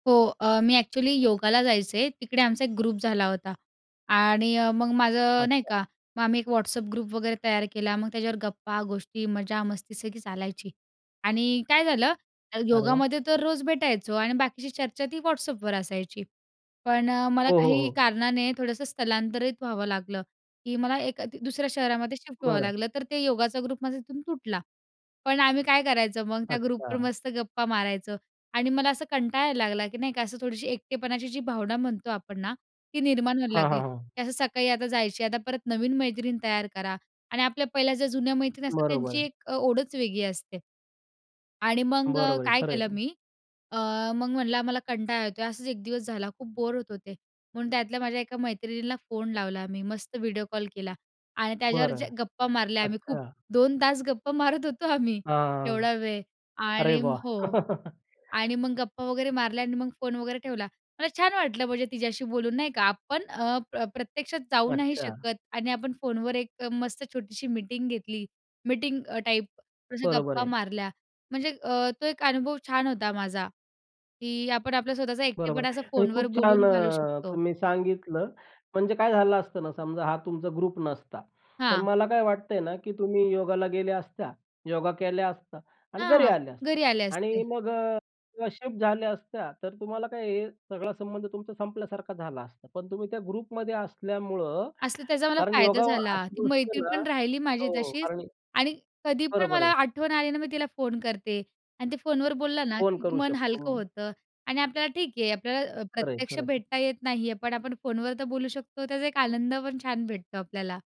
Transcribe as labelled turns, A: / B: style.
A: हो, अ, मी एक्चुअली योगाला जायचे, तिकडे आमचा एक ग्रुप झाला होता आणि अ, मग माझं नाही
B: अच्छा.
A: का, मग आम्ही एक WhatsApp ग्रुप वगैरे तयार केला. मग त्याच्यावर गप्पा, गोष्टी, मजा, मस्ती, सगळी चालायची आणि काय झालं
B: अरे वाह!
A: योगामध्ये तर रोज भेटायचो आणि बाकीची चर्चा ती WhatsAppवर असायची. पण अ, मला
B: हो, हो,
A: काही
B: हो.
A: कारणाने थोडंसं स्थलांतरित व्हावं लागलं, की मला एका ती दुसऱ्या शहरामध्ये शिफ्ट व्हावं
B: बरं.
A: लागलं. तर ते योगाचा ग्रुप माझा तिथून तुटला. पण आम्ही काय करायचं मग त्या ग्रुपवर
B: अच्छा.
A: मस्त गप्पा मारायचं आणि मला असं कंटाळा यायला लागला, की नाही का असं थोडीशी एकटेपणाची जी भावना म्हणतो आपण ना, ती निर्माण व्हायला
B: हां, हां,
A: लागली,
B: हां.
A: की असं सकाळी आता जायची, आता परत नवीन मैत्रीण तयार करा. आणि आपल्या पहिल्या ज्या जुन्या मैत्रीण असतात
B: बरोबर
A: त्यांची
B: आहे.
A: एक अ, ओढच वेगळी असते आणि मग
B: बरोबर आहे,
A: काय
B: खर आहे.
A: केलं
B: तुम
A: मी अ, मग म्हणलं आम्हाला कंटाळा येतोय. असाच एक दिवस झाला, खूप बोर होत होते. म्हणून त्यातल्या माझ्या एका मैत्रिणीला फोन लावला मी मस्त व्हिडिओ कॉल केला आणि त्याच्यावर
B: बरं,
A: जे गप्पा मारल्या आम्ही
B: अच्छा.
A: खूप, 2 तास गप्पा मारत होतो आम्ही
B: हां,
A: एवढा वेळ
B: अरे
A: आणि
B: वाह!
A: हो. आणि मग गप्पा वगैरे मारल्या आणि मग फोन वगैरे ठेवला. मला छान वाटलं म्हणजे तिच्याशी बोलून नाही का. आपण अ, प्र प्रत्यक्षात जाऊ नाही
B: अच्छा.
A: शकत आणि आपण फोनवर एक मस्त छोटीशी मीटिंग घेतली, मीटिंग टाइप अशा
B: बरोबर
A: गप्पा
B: आहे.
A: मारल्या, म्हणजे अ, तो एक अनुभव छान होता माझा, की आपण आपलं स्वतःचा
B: बरोबर
A: एकटेपणा असं
B: आहे आणि
A: फोनवर
B: खूप छान!
A: बोलून घालू
B: अ,
A: शकतो.
B: तुम्ही सांगितलं. म्हणजे काय झालं असतं ना, समजा हा तुमचा ग्रुप नसता, तर
A: हां.
B: मला काय वाटतं आहे ना, की तुम्ही योगाला गेल्या असत्या, योगा केल्या असता आणि घरी
A: हां,
B: आल्या असत्या
A: घरी आले असते.
B: आणि मग अ, किंवा शिफ्ट झाल्या असत्या, तर तुम्हाला काय हे सगळा संबंध तुमचा संपल्यासारखा झाला असता. पण तुम्ही त्या ग्रुपमध्ये असल्यामुळं,
A: असं त्याचा मला
B: कारण
A: फायदा
B: योगा
A: झाला.
B: अशी
A: ती
B: गोष्ट आहे
A: मैत्रीण
B: ना
A: पण राहिली माझी
B: हो,
A: तशीच
B: कारण
A: आणि कधी पण
B: बरोबर
A: मला
B: आहे.
A: आठवण आली ना, मी तिला फोन करते आणि ते फोनवर बोलला ना,
B: फोन
A: की
B: करू
A: मन हलकं
B: शकतो.
A: होतं आणि आपल्याला ठीक आहे, आपल्याला अ, प्र
B: खरं आहे,
A: प्रत्यक्ष
B: खरंच.
A: भेटता येत नाही आहे, पण आपण फोनवर तर बोलू शकतो त्याचा एक आनंद पण छान भेटतो आपल्याला.